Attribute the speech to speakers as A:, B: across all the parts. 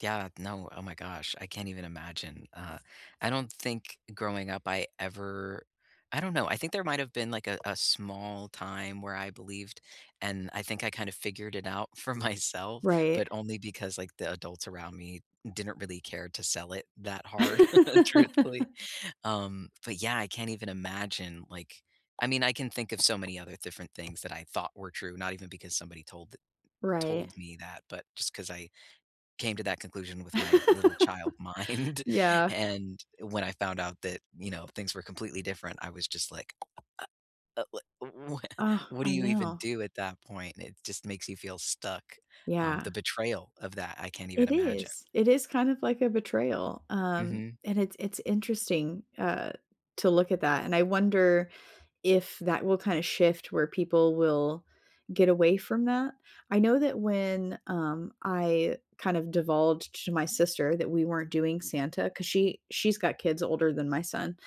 A: Yeah, no, oh my gosh, I can't even imagine, uh, I don't think growing up I ever I don't know, I think there might've been, like, a a small time where I believed, and I think I kind of figured it out for myself,
B: Right.
A: but only because, like, the adults around me didn't really care to sell it that hard truthfully, um, but yeah, I can't even imagine, like I mean, I can think of so many other different things that I thought were true, not even because somebody told the
B: Right.
A: told me that, but just 'cause I came to that conclusion with my little child mind
B: Yeah.
A: and when I found out that, you know, things were completely different, I was, just, like, uh, uh, w w w
B: Ugh,
A: what do
B: I
A: you even
B: know.
A: do at that point? It, just, makes you feel stuck, um,
B: Yeah.
A: the betrayal of that, I can't even
B: It
A: imagine.
B: is. It is, kind of, like, a betrayal, um,
A: Mhm.
B: and it's it's interesting, uh, to look at that, and I wonder if that will, kinda, shift where people will get away from that. I know that when, um, I, kind of divulged to my sister that we weren't doing Santa 'cause she she's got kids older than my son,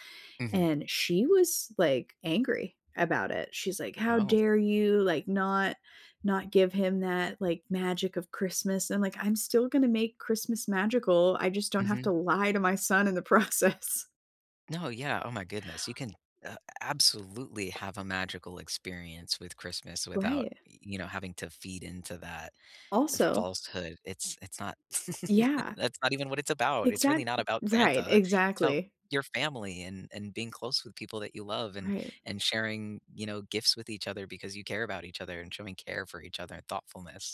A: Mhm.
B: and she was, like, angry about it, she's like, "How
A: Oh.
B: dare you, like, not not give him that, like, magic of Christmas," and, I'm like, "I'm still gonna make Christmas magical, I just don't have
A: Mhm.
B: to lie to my son in the process."
A: No, yeah. Oh my goodness, you can, uh, absolutely have a magical experience with Christmas without,
B: Right.
A: y you know, having to feed into that, uh,
B: Also
A: falsehood, it's it's not,
B: Yeah.
A: that's not even what it's about, it's really
B: Exact
A: not about
B: right,
A: Santa, it's about
B: exactly.
A: your family and and being close with people that you love and
B: Right.
A: and sharing, you know, gifts with each other because you care about each other and showing care for each other and thoughtfulness.